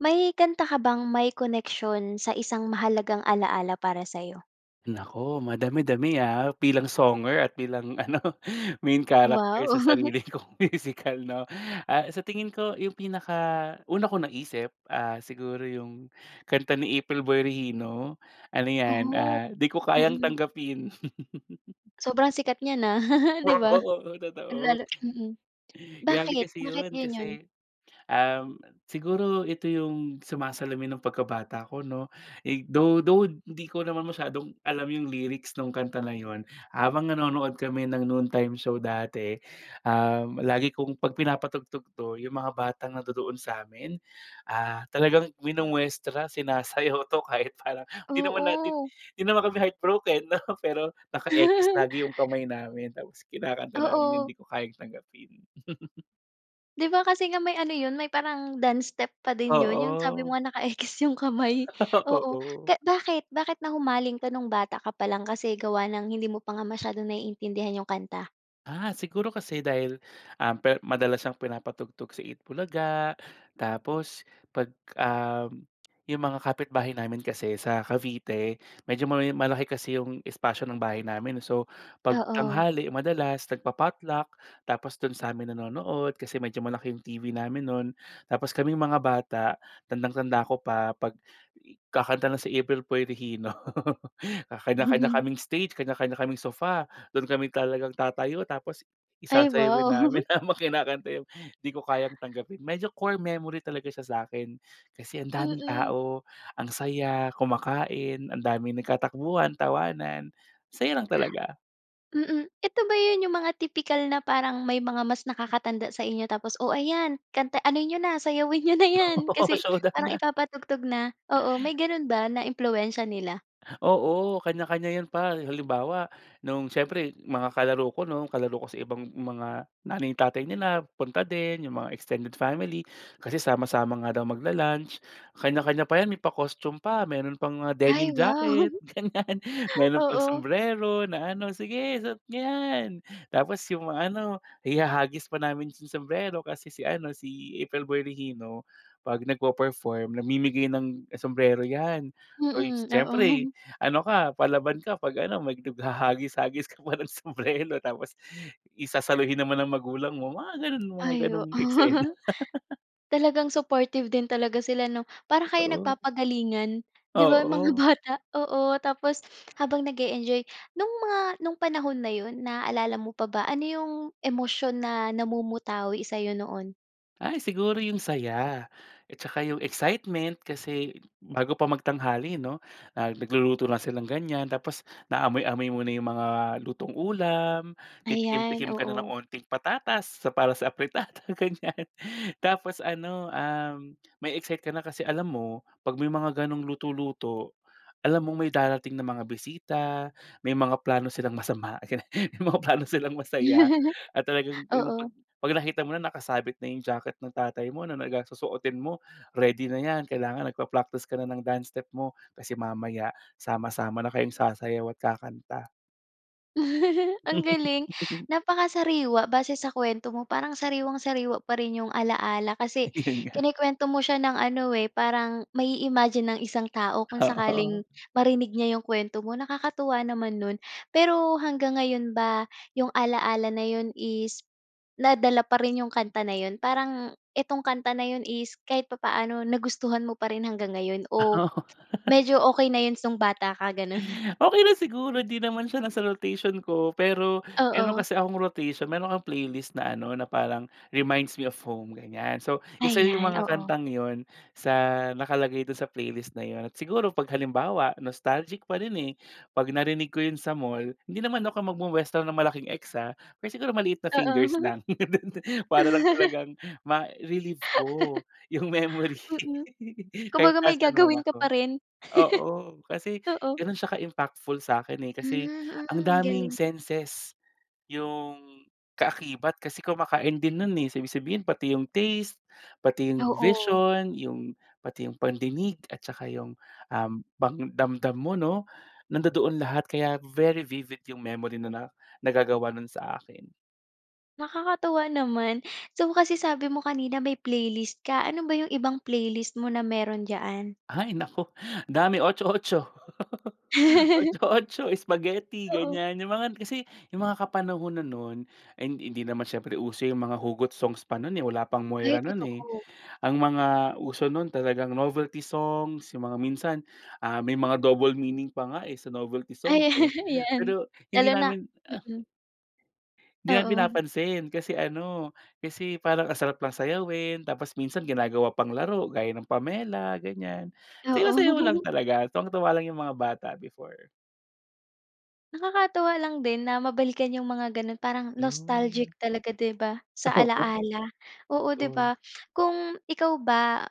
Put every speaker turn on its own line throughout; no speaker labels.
May kanta ka bang may koneksyon sa isang mahalagang alaala para sa'yo?
Naku, madami-dami, ah, bilang songer at bilang ano, main character
Wow!
sa sarili kong musical, 'no? Ah, sa tingin ko 'yong pinaka-una kong naisip, ah, siguro 'yong kanta ni April Boy Regino. Ano 'yan,
Oh.
ah, "Di Ko Kayang
Mm.
Tanggapin."
Sobrang sikat niyan, ah, 'di ba?
Oo-oo. Oh, totoo.
Lalo mm.
Grabe
Bakit
kasi
bakit
'yon,
'yon 'yon?
kasi um, siguro ito 'yong sumasalamin ng pagkabata ko, 'no? Eh, though though 'di ko naman masyadong alam 'yong lyrics no'ng kanta na 'yon. Habang nanonood kami ng noontime show dati. Um, lagi kong 'pag pinapatugtog 'to, 'yong mga batang nandodoon sa'min, ah, talagang minumwestra, sinasayaw 'to. Kahit parang hindi naman natin
Oo.
hindi naman kami heart broken, 'no? Pero naka-ekis lagi 'yong kamay namin. Tapos kinakanta namin 'yong,
Oo.
"Di Ko Kayang Tanggapin."
'Di ba, kasi nga may ano 'yon, may parang dance step pa din 'yon, 'yong sabi mo
Oo.
nga naka-ekis 'yong kamay. Oo,
Oo.
ka bakit bakit na humaling ka no'ng bata ka pa lang, kasi gawa ng hindi mo pa nga masyadong naiintindihan 'yong kanta?
Ah, siguro kasi dahil, um, per madalas siyang pinapatugtog sa Eat Bulaga. Tapos 'pag, um 'yong mga kapitbahay namin kasi sa Cavite medyo may malaki kasi 'yong espasyo ng bahay namin. So, 'pag
Oo.
tanghali, madalas nagpa-potluck tapos do'n sa'min nanonood. Kasi medyo malaki 'yong TV namin no'n. Tapos, kaming mga bata, tandang-tanda ko pa 'pag i kakanta na si April Boy Regino ah, kanya-kanya kaming stage, kanya-kanya kaming sofa. Do'n kami talagang tatayo tapos i
Ay,
sasayawin
wow!
namin habang kinakanta 'yong, "Di Ko Kayang Tanggapin." Medyo core memory talaga siya sa'kin, kasi ang daming
Mm.
tao, ang saya, kumakain, ang daming nagkatakbuhan, tawanan, masaya lang talaga.
Mm, ito ba 'yon, 'yong mga tipikal na parang may mga mas nakakatanda sa inyo tapos, "Oh, ayan, kanta ano niyo na, sayawin niyo na 'yan."
Oo,
Kasi,
showdown
parang
na.
ipapatugtog na, oo. May ganon ba na impluwensya nila?
Oo, kanya-kanya 'yon par. Halimbawa, no'ng syempre mga kalaro ko no'n, kalaro ko sa ibang mga nanay tatay nila punta din, 'yong mga extended family. Kasi sama-sama nga daw magla-lunch. Kanya-kanya pa 'yan, may pa-costume pa, mayroon pang, ah,
Ay,
denim
wow!
jacket ganyan. Mayroon pang
Oo.
sumbrero na ano, "Sige suot niyo 'yan!" Tapos, 'yong ano, ihahagis pa namin yung sumbrero. Kasi si ano, si April Boy Regino 'pag nagpe-perform, namimigay ng sumbrero, 'yan. Uy,
Mmh,
siyempre
oo.
ano ka, palaban ka 'pag ano, mag naghahagis-hagis ka pa ng sumbrero, tapos i sasaluhin naman ng magulang mo. Mga gano'n mga
Ay,
gano'ng
oo.
eksena.
Talagang supportive din talaga sila, 'no? Para kayong
Totoo.
nagpapagalingan, 'di ba, mga
Oo.
bata, oo, tapos habang nag-e-enjoy. No'ng mga panahon na 'yon, naalala mo pa ba, ano 'yong emosyon na namumutawi sa'yo noon?
Ay, siguro yung saya. At saka yung excitement kasi bago pa magtanghali 'no, ah, nagluluto na silang ganyan tapos naamoy-amoy muna yung mga lutong ulam, titikim
Ayan,
tikim ka na ng
oo.
unting patatas sa para sa afritada, ganyan. Tapos ano, um, ma-e-excite ka na kasi alam mo 'pag may mga ganong luto-luto, alam mong may darating na mga bisita, may mga plano silang masama, ganyan. May mga plano silang masaya at talagang yung
Oo.
'pag 'pag nakita mo na, nakasabit na yung jacket ng tatay mo na nagas susuotin mo. Ready na yan, kailangan nagpa-practice ka na ng dance step mo kasi mamaya sama-sama na kayong sasayaw at kakanta.
Ang galing, napakasariwa base sa kuwento mo parang sariwang-sariwa pa rin 'yong ala-ala
Ay,
kasi
yun nga.
kinukuwento mo siya ng ano eh, parang mai-imagine ang isang tao kung
Oo.
sakaling marinig niya 'yong kuwento mo. Nakakatuwa naman no'n pero hanggang ngayon ba 'yong alaala na 'yon is nadala pa rin 'yong kanta na 'yon? Parang itong kanta na 'yon is kahit papaano nagustuhan mo pa rin hanggang ngayon o medyo okey na 'yon song bata ka ganun?
Okey lang siguro, 'di naman siya nasa rotation ko. Pero meron
Oo.
kasi akong rotation, may mga playlist na ano, na parang, "Reminds me of home" ganyan. So, isa yung
Ayan,
mga
oo.
kantang yun sa nakalagay dun sa playlist na yun at siguro 'pag halimbawa nostalgic pa rin eh 'pag narinig ko yun sa mall, hindi naman ako magmo-muwestra ng malaking X ah. Pero siguro maliit na fingers
Oo.
lang para lang talagang ma-relieve ko yung memory
Mm,
kahit
kumbaga may
nasan man
gagawin ka pa
ako.
rin.
Oo, kasi
Oo.
ganun siya ka impactful sa akin eh kasi
Hmm,
ang
hmm,
daming
galing.
senses yung kaakibat kasi kumakain din no'n, eh. So ibig sabihin, pati yung taste, pati 'yong
Oo.
vision, yung pati 'yong pandinig at saka yung, um, yung pang damdam mo 'no. Nandodoon lahat kaya very vivid yung memory na na nagagawa nun sa akin.
Nakakatuwa naman, so kasi sabi mo kanina may playlist ka, ano ba yung ibang playlist mo na meron diyan?
Ay naku, dami otso-otso. Otso-otso, spaghetti
Oo.
ganyan, yung mga 'yan, kasi yung mga kapanahunan nun, ay hindi hindi naman siyempre uso yung mga hugot songs pa nun eh wala pang Moira
Ay,
nun, eh.
totoo.
Ang mga uso nun talagang novelty songs, yung mga minsan ah, may mga double meaning pa nga eh, sa novelty song
Ay,
eh,
'yan.
pero hindi
Lalo na
namin, ah.
mm.
Hindi na
Oo.
pinapansin kasi ano, kasi parang ang sarap lang sayawin, tapos minsan ginagawa pang laro gaya ng Pamela ganyan, sayaw sayaw lang
Oo.
talaga tuwang tuwa lang yung mga bata before.
Nakakatuwa lang din na mabalikan yung mga ganun parang nostalgic
'Yun.
talaga 'di ba, sa
Oo.
ala-ala. Oo, 'di
Oh.
ba. Kung ikaw ba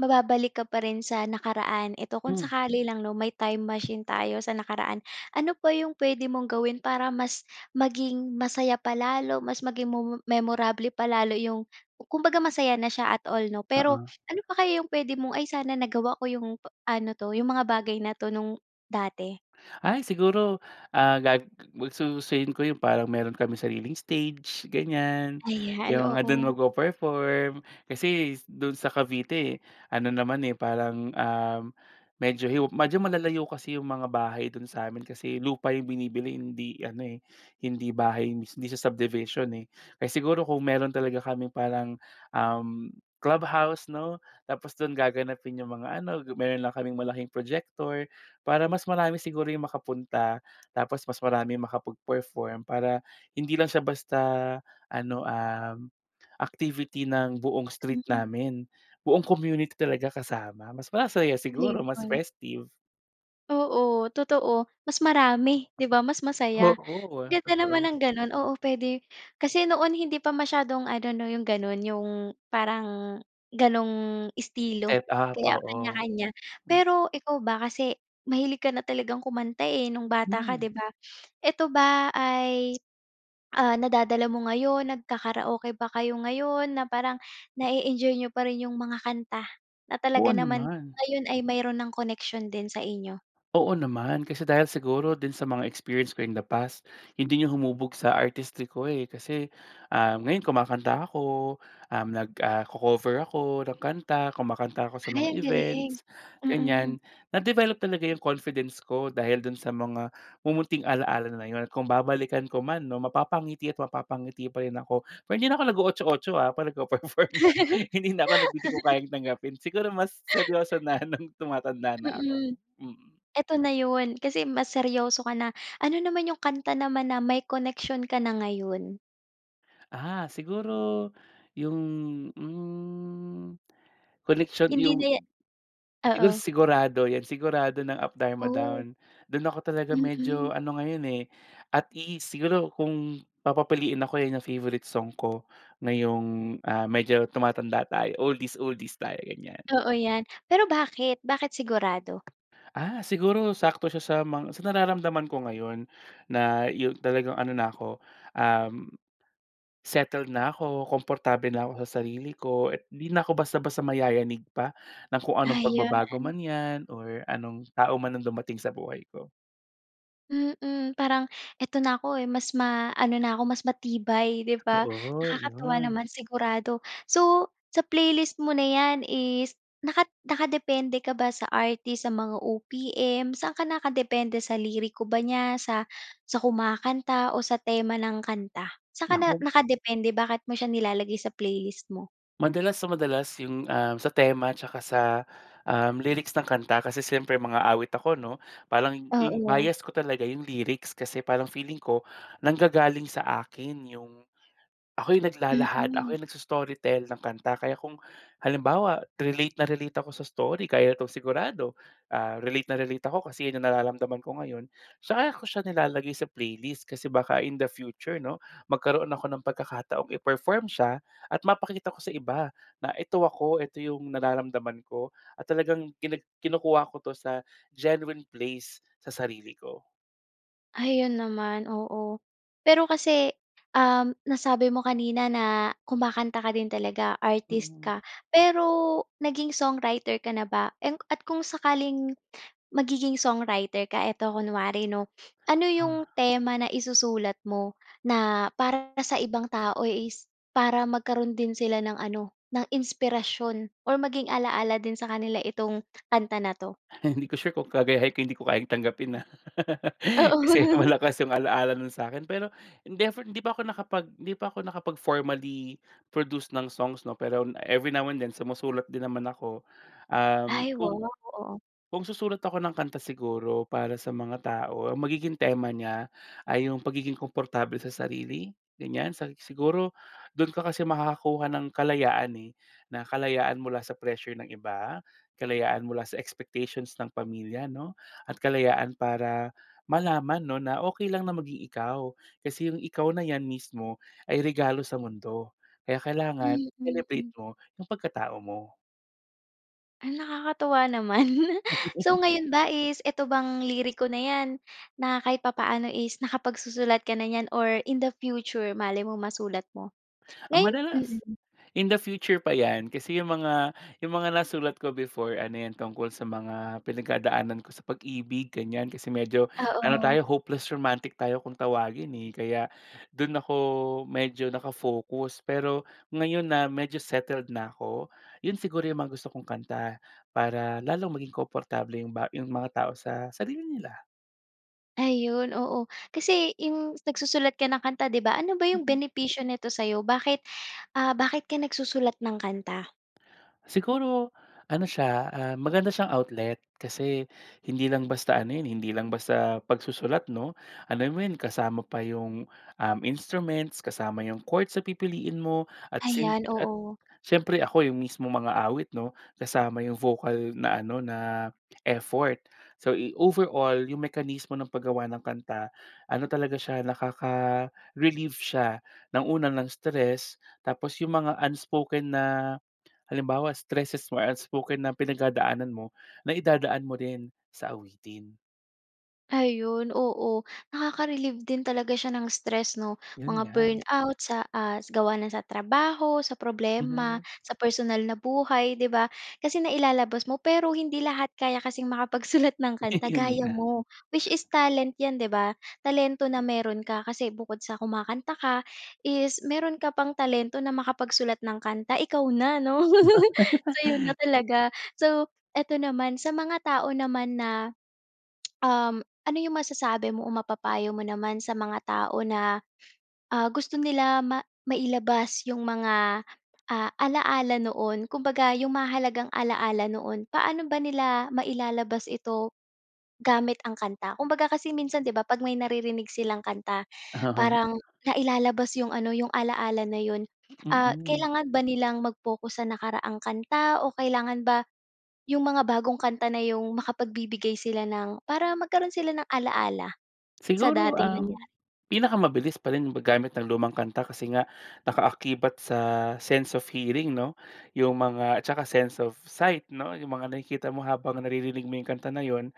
mababalik ka pa rin sa nakaraan eto kung
Hmm.
sakali lang 'no, may time machine tayo sa nakaraan, ano pa 'yong puwede mong gawin para mas maging masaya pa lalo, mas maging momo memorable pa lalo 'yong kumbaga masaya na siya at all, 'no, pero,
Oo.
ano pa kaya 'yong puwede mong, "Ay sana nagawa ko 'yong p ano 'to, 'yong mga bagay na 'to, no'ng dati?
Ay siguro, ah, gag gustusin ko yung parang meron kaming sariling stage ganyan,
Ayan,
'yung mga dun
oo.
magpe-perform. Kasi do'n sa Cavite, ano naman eh parang, um, medyo hiw medyo malalayo kasi 'yong mga bahay do'n sa'min kasi lupa 'yong binibili, hindi ano eh, hindi bahay, hindi siya subdivision eh, kaya siguro kung meron talaga kaming parang, um, clubhouse, 'no, tapos do'n gaganapin 'yong mga ano, meron lang kaming malaking projector para mas marami siguro 'yung makapunta, tapos mas marami makapag-perform para hindi lang siya basta ano, um, activity ng buong street
Mm.
namin, buong community talaga kasama, mas masaya
Ano
siguro, mas
'yon?
festive.
Oo totoo. Mas marami 'di ba mas masaya. Ang
Oo,
ganda naman
totoo.
ng gano'n, oo, puwede, kasi noon hindi pa masyadong ano 'no 'yong gano'n 'yong, parang ganung, estilo
Set up,
kaya
oo.
kanya-kanya.
Hmm.
Pero ikaw ba kasi, mahilig ka na talagang kumanta, eh, noong bata ka
Hmm.
'di ba? Eto ba ay, ah nadadala mo ngayon? Nagka-karaoke ba kayo ngayon, na parang, nae-enjoy n'yo pa rin 'yong mga kanta. Na
Oo
talaga naman
naman.
ngayon ay mayroon ng koneksyon din sa inyo.
Oo naman kasi dahil siguro din sa mga experience ko in the past, 'yon din ang humubog sa artistry ko, eh. Kasi, ah ngayon kumakanta ako, um, nag ah, co-cover ako ng kanta, kumakanta ako sa
Ay
mga
ang galing.
events,
mm.
ganiyan. Na-develop talaga yung confidence ko dahil dun sa mga mumunting alala na 'yon. Kung babalikan ko 'man, 'no, mapapangiti at mapapangiti pa rin ako. Pero hindi na ako nago-Otso-otso ah, 'pag nagpe-perform. Hindi na ako nag, Hindi Ko Kayang Tanggapin, siguro mas seryoso na, nung tumatanda na ako.
Mm.
Mm.
Eto na 'yon, kasi mas seryoso ka na. Ano naman yung kanta naman na may connection ka na ngayon?
Ah, siguro yung, hmm, koneksyon
Hindi
yung
na ya
siguro,
oo.
Sigurado yan. Sigurado ng Up Dharma
Ooh.
Down. Dun ako talaga medyo
Mm.
ano ngayon eh, at ease. Siguro kung papapiliin ako, yun yung favorite song ko ngayong, ah, medyo, tumatanda tayo, oldies oldies tayo, ganyan.
Oo, yan. Pero bakit? Bakit sigurado?
Ah, siguro sakto siya sa mga sa nararamdaman ko ngayon, na yung talagang ano na 'ko, um, settled na ko, komportable na ako sa sarili ko at 'di na ko basta-basta mayayanig pa ng kung anong pagbabago
Ayon.
man yan or anong tao man ang dumating sa buhay ko.
Mm, parang, "Eto na ako eh, mas ma-ano na ako, mas matibay." 'di ba.
Oo,
Nakakatuwa
yun.
naman sigurado. So, sa playlist mo na yan is naka nakadepende ka ba sa artist? Sa mga OPM? Saan ka nakadepende sa liriko ba niya? Sa sa kumakanta o sa tema ng kanta? Saan ka na
Naku.
nakadepende? Bakit mo siya nilalagay sa playlist mo?
Madalas sa madalas yung, um, sa tema tsaka sa, um, lyrics ng kanta kasi siyempre mang-aawit ako 'no. Parang yung
Oo.
bias ko talaga, yung lyrics kasi parang feeling ko nanggagaling sa akin yung ako yung naglalahad, ako
Mm.
yung nags-story tell ng kanta. Kaya kung halimbawa, relate na relate ako sa story kaya ito sigurado, ah, relate na relate ako kasi yun yung nararamdaman ko ngayon, saka ko siya nilalagay sa playlist kasi baka in the future 'no magkaroon ako ng pagkakataong iperform siya at mapakita ko sa iba na, "Eto ako, eto yung nararamdaman ko." at talagang kini kinukuha ko to sa genuine place sa sarili ko.
Ayon naman, oo. Pero kasi, um, nasabi mo kanina na kumakanta ka din talaga, artist
Mm.
ka. Pero naging songwriter ka na ba? And at kung sakaling magiging songwriter ka eto kunwari 'no, ano 'yong
Ah.
tema na isusulat mo na para sa ibang tao is para magkaroon din sila ng ano, ng inspirasyon or maging ala-ala din sa kanila itong kanta na 'to?
Hindi ko sure kung [unintelligible] hindi ko kayang tanggapin ah.
Oo.
Kasi malakas yung alaala no'n sa'kin. Pero never hindi pa ako nakapag 'di pa ako nakapag formally produce ng songs 'no pero every now and then, sumusulat din naman ako. Um,
Ay
kung,
wow, oo.
kung susulat ako ng kanta siguro para sa mga tao, ang magiging tema niya ay yung pagiging komportable sa sarili, ganyan. Sa siguro do'n ka kasi makakakuha ng kalayaan eh, na kalayaan mula sa pressure ng iba, kalayaan mula sa expectations ng pamilya 'no at kalayaan para malaman 'no na okey lang na maging ikaw, kasi yung ikaw na yan mismo ay regalo sa mundo. Kaya kailangan
Mm,
celebrate
hmm.
mo yung pagkatao mo.
Ay, nakakatuwa naman. So, ngayon ba is ito bang liriko na 'yan, na kahit papano is nakapagsusulat ka na niyan or in the future malay mo masulat mo?
Ah,
Ngayon,
madalas.
mm.
In the future pa 'yan, kasi 'yong mga 'yong mga nasulat ko before ano 'yan, tungkol sa mga pinagdadaanan ko sa pag-ibig, ganyan. Kasi medyo, ano
Oo.
tayo hopeless romantic tayo kung tawagin, eh. Kaya do'n ako medyo naka-focus. Pero ngayon na medyo settled na ako, 'yon siguro 'yong mga gusto kong kanta. Para lalong maging komportable 'yong ba 'yong mga tao sa sarili nila.
Ayun oo. Kasi 'yong nagsusulat ka ng kanta, 'di ba? Ano ba 'yong
Mhm.
benepisyo nito sa'yo? Bakit, ah, bakit ka nagsusulat ng kanta?
Siguro ano siya, ah, maganda siyang outlet. Kasi hindi lang basta ano 'yon eh, hindi lang basta pagsusulat 'no? Alam mo 'yon kasama pa 'yong, um, instruments, kasama 'yong chord, sa pipiliin mo at syem
Ayan,
at
oo.
syempre ako 'yong mismong mang-aawit, 'no, kasama yung vocal na ano, na effort. So, eh, overall, 'yong mekanismo ng paggawa ng kanta, ano talaga siya nakaka-relieve siya ng una, ng stress, tapos 'yong mga unspoken na halimbawa stresses mo, unspoken na pinagdadaanan mo, na idadaan mo rin sa awitin.
Ayun, oo, nakaka-relieve din talaga siya ng stress 'no?
Yun
Mga
nga.
burn out sa, ah, gawa ng sa trabaho, sa problema,
Mhm.
sa personal na buhay, 'di ba? Kasi nailalabas mo. Pero hindi lahat kaya kasing makapagsulat ng kanta
Yun
gaya
nga.
mo, which is talent yan 'di ba? Talento na meron ka, kasi bukod sa kumakanta ka, is meron ka pang talento na makapagsulat ng kanta, ikaw na, 'no? Sa'yo na talaga. So, ito naman sa mga tao naman na, um, ano yung masasabi mo o mapapayo mo naman sa mga tao na, ah, gusto nila ma mailabas yung mga ah, ala-ala noon. Kumbaga yung mahahalagang ala-ala noon, paano ba nila, mailalabas ito gamit ang kanta? Kumbaga kasi minsan 'di ba, pag may naririnig silang kanta
Oo nga.
parang nailalabas yung ano, yung ala-ala na yun. Ah,
Mm.
kailangan ba nilang mag-focus sa nakaraang kanta? O kailangan ba yung mga bagong kanta na yung makapagbibigay sila ng para magkaroon sila ng ala-ala sa
Siguro
dating
um,
nangyari.
pinakamabilis pa rin yung paggamit ng lumang kanta, kasi nga nakaakibat sa sense of hearing, 'no? Yung mga at tsaka sense of sight, 'no? Yung mga nakikita mo habang naririnig mo yung kanta na yun,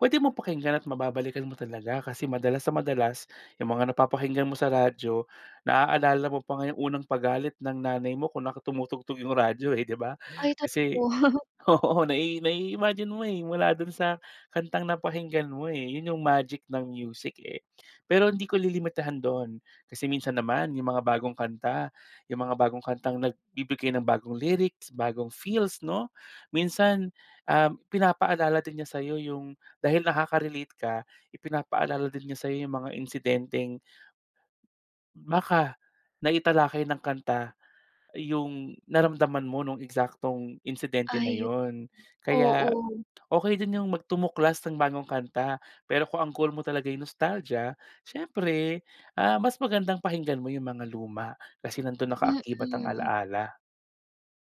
puwede mong pakinggan at mababalikan mo talaga, kasi madalas na madalas yung mga napapakinggan mo sa radyo, naaalala mo pa nga yung unang pagalit ng nanay mo kung naka tumutugtog yung radyo eh, 'di ba?
Ay
Kasi
totoo.
oo, nai nai-imagine mo eh, mula dun sa kantang napakinggan mo, eh. Yun yung magic ng music, eh. Pero hindi ko lilimitahan doon, kasi minsan naman yung mga bagong kanta, yung mga bagong kantang nagbibigay ng bagong lyrics, bagong feels, 'no? Minsan um, pinapaalala din niya sa'yo yung dahil nakaka-relate ka, ipinapaalala din niya sa'yo yung mga insidenteng maka naitalakay ng kanta. Yung, naramdaman mo nung eksaktong insidente na
Ayun,
yun.
oo.
Kaya, okey din yung mag tumuklas ng bagong kanta, pero kung ang goal mo talaga nostalgia, siyempre, ah, mas magandang pakinggan mo yung mga luma, kasi nandun nakaakibat ang
Mm.
ala-ala.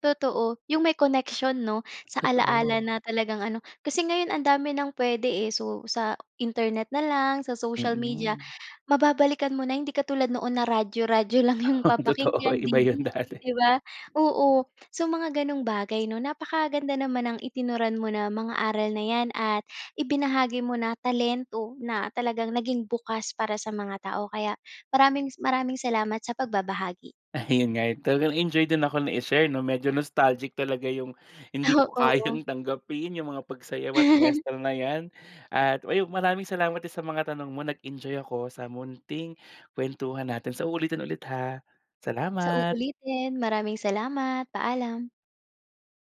Totoo, yung may connection, 'no? Sa ala-ala
Totoo.
na talagang ano, kasi ngayon ang dami ng puwede, eh. So, sa Internet na lang, sa social media,
Mm.
mababalikan mo na, hindi katulad noon na radyo-radyo lang yung
Oh, totoo
papakinggan,
ay iba yun
DVD
dati.
'di ba? Oo, so mga ganung bagay, 'no? Napakaganda naman ng itinuran mo na, mga aral na yan at ibinahagi mo na talento na talagang naging bukas para sa mga tao kaya maraming s maraming salamat sa pagbabahagi.
Ayun nga yun, talagang nag-enjoy din ako na, i-share 'no? Medyo nostalgic talaga yung, hindi
Ah,
Ko
oo.
kayang tanggapin yung mga pagsayaw at muestra na yan, at uy, maraming salamat din sa mga tanong mo, nag-enjoy ako sa munting kuwentuhan natin sa uulitin ulit ha,
Sa
salamat!
uulitin, maraming salamat, paalam.